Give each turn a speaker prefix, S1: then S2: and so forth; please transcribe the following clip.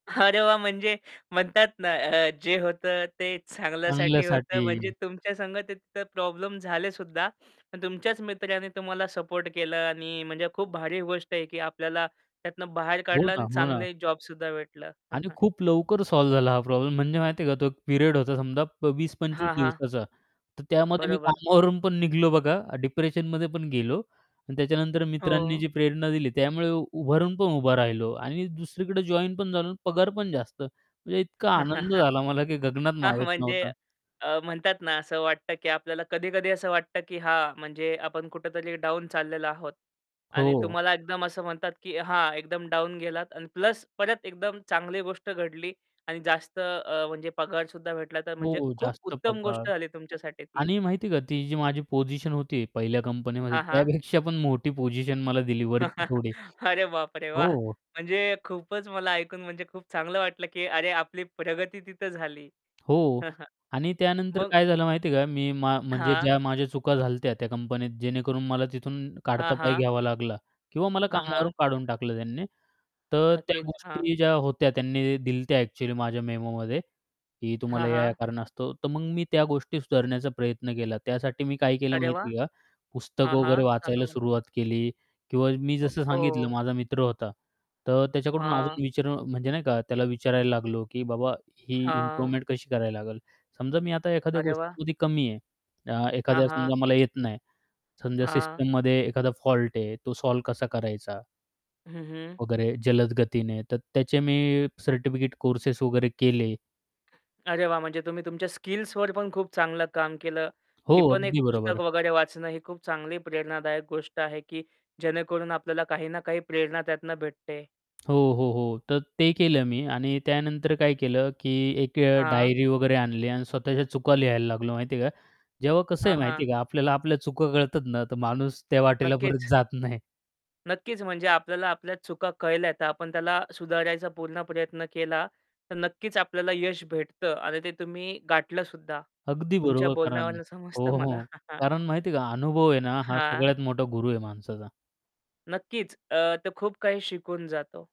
S1: अरे, वाह! म्हणजे म्हणतात ना अ, जे होतं ते चांगल्यासाठी होतं. म्हणजे
S2: चांगल्यासाठी.
S1: तुमच्या संग ते तिथं प्रॉब्लेम झाले सुद्धा. पण तुमच्याच मित्राने तुम्हाला सपोर्ट केलं आणि म्हणजे खूप भारी गोष्ट आहे की आपल्याला त्यातनं बाहेर
S2: हो
S1: काढलं
S2: ना,
S1: आणि
S2: हो ना.
S1: चांगले जॉब सुद्धा भेटलं.
S2: आणि खूप लवकर सॉल्व्ह झाला हा प्रॉब्लेम. म्हणजे माहिती आहे का, तो एक पिरियड होता समजा प 20-25
S1: हां, हां.
S2: दिवसाचा. तर त्यामध्ये मी
S1: बरोबर.
S2: कामावरून पण निघालो बघा, डिप्रेशनमध्ये पण गेलो आणि त्याच्यानंतर मित्रांनी
S1: हो.
S2: जी प्रेरणा दिली, त्यामुळे उभारून पण उभा राहिलो आणि दुसरीकडे जॉईन पण झालो आणि पगार पण जास्त, म्हणजे इतका आनंद झाला मला की गगनात
S1: हां,
S2: मावत
S1: म्हणजे
S2: नव्हता.
S1: अ, म्हणतात ना, असं वाटतं की आपल्याला कधी-कधी असं वाटतं की हां, म्हणजे आपण कुठेतरी डाउन चाललेलो आहोत. आणि
S2: हो.
S1: तुम्हाला एकदम असं म्हणतात की हां, एकदम डाउन गेलात आणि प्लस परत एकदम चांगली गोष्ट घडली आणि जास्त अ, म्हणजे पगार सुद्धा भेटला, तर म्हणजे
S2: हो.
S1: खूप
S2: जास्त
S1: उत्तम
S2: पगार,
S1: गोष्ट झाली तुमच्यासाठी ती.
S2: आणि माहिती आहे का, ती जी माझी पोझिशन होती पहिल्या कंपनीमध्ये
S1: हां, हां.
S2: त्यापेक्षा पण मोठी पोझिशन मला दिली वरची थोडी,
S1: अरे, बापरे! वाह!
S2: हो.
S1: म्हणजे खूपच मला ऐकून म्हणजे खूप चांगलं वाटलं की अरे, आपली प्रगती तिथं झाली.
S2: हो. आणि त्यानंतर
S1: मग
S2: काय झालं माहिती आहे का? मी मा म्हणजे
S1: हां.
S2: ज्या माझ्या चुका झाल्या होत्या त्या कंपनीत जेणेकरून मला तिथून
S1: हां,
S2: काढता पाय
S1: हां.
S2: घ्यावा लागला किंवा मला
S1: हां. हां.
S2: कामावरून काढून टाकलं त्यांनी. तर त्या
S1: नक्कीच, हां.
S2: गोष्टी ज्या होत्या त्यांनी ते दिलं होतं ॲक्युअली माझ्या मेमोमध्ये की
S1: हां,
S2: तुम्हाला या-या
S1: हां.
S2: कारणास्तो तर मग मी त्या गोष्टी सुधारण्याचा प्रयत्न केला. त्यासाठी मी काय केलं
S1: अरे, वाह!
S2: माहिती आहे का?
S1: हां,
S2: पुस्तकं वगैरे
S1: हां. सांगा
S2: वाचायला
S1: मला.
S2: सुरुवात केली किंवा मी
S1: ओ,
S2: जसं सांगितलं
S1: हो.
S2: माझा मित्र होता तर त्याच्याकडून
S1: हां.
S2: अजून विचारून म्हणजे नाही का त्याला विचारायला लागलो की "बाबा, ही
S1: हां.
S2: इम्प्रूवमेंट कशी करायला लागेल?" समजा मी आता एखाद्या
S1: अरे, वाह!
S2: गोष्टीमध्ये कमी आहे, अ,
S1: हां,
S2: एखाद्या
S1: हां.
S2: समजा मला येत नाही. समजा
S1: हां.
S2: सिस्टममध्ये एखादा फॉल्ट आहे तो सॉल्व्ह कसा करायचा
S1: हं, हं.
S2: वगैरे जलद गतीने तर त्याचे मी सर्टिफिकेट कोर्स वगैरे केले.
S1: अरे, वाह! म्हणजे तुम्ही तुमच्या स्किल्सवर पण खूप चांगलं काम केलं.
S2: हो,
S1: ही पण एक
S2: अगदी
S1: पुस्तक
S2: बरोबर.
S1: वगैरे वाचणं ही खूप चांगली प्रेरणादायक गोष्ट आहे की जेणेकरून आपल्याला काही ना काही प्रेरणा त्यातन भेटते.
S2: हो, हो, हो. तर ते केलं मी आणि त्यानंतर काय केलं की एक अ,
S1: हां.
S2: डायरी वगैरे आणली आणि स्वतःच्या चुका लिहायला लागलो, माहिती आहे का? जेव्हा कसं आहे
S1: हां,
S2: माहिती
S1: हां.
S2: आहे का? आपल्याला आपल्या चुका कळतात ना, तर माणूस त्या वाटेला परत
S1: नक्कीच.
S2: जात नाही.
S1: नक्कीच म्हणजे आपल्याला आपल्या चुका कळल्या तर आपण त्याला सुधारायचा पूर्ण प्रयत्न केला, तर नक्कीच आपल्याला यश भेटतं आणि ते तुम्ही गाठलं सुद्धा
S2: अगदी
S1: तुमच्या
S2: बरोबर. कारण
S1: बोलण्यावरून
S2: हो,
S1: समजतं मला.
S2: हो, कारण माहिती आहे का? अनुभव आहे ना, हा
S1: हां.
S2: सगळ्यात मोठा गुरु आहे माणसाचा.
S1: नक्कीच अ, तो खूप काही शिकवून जातो.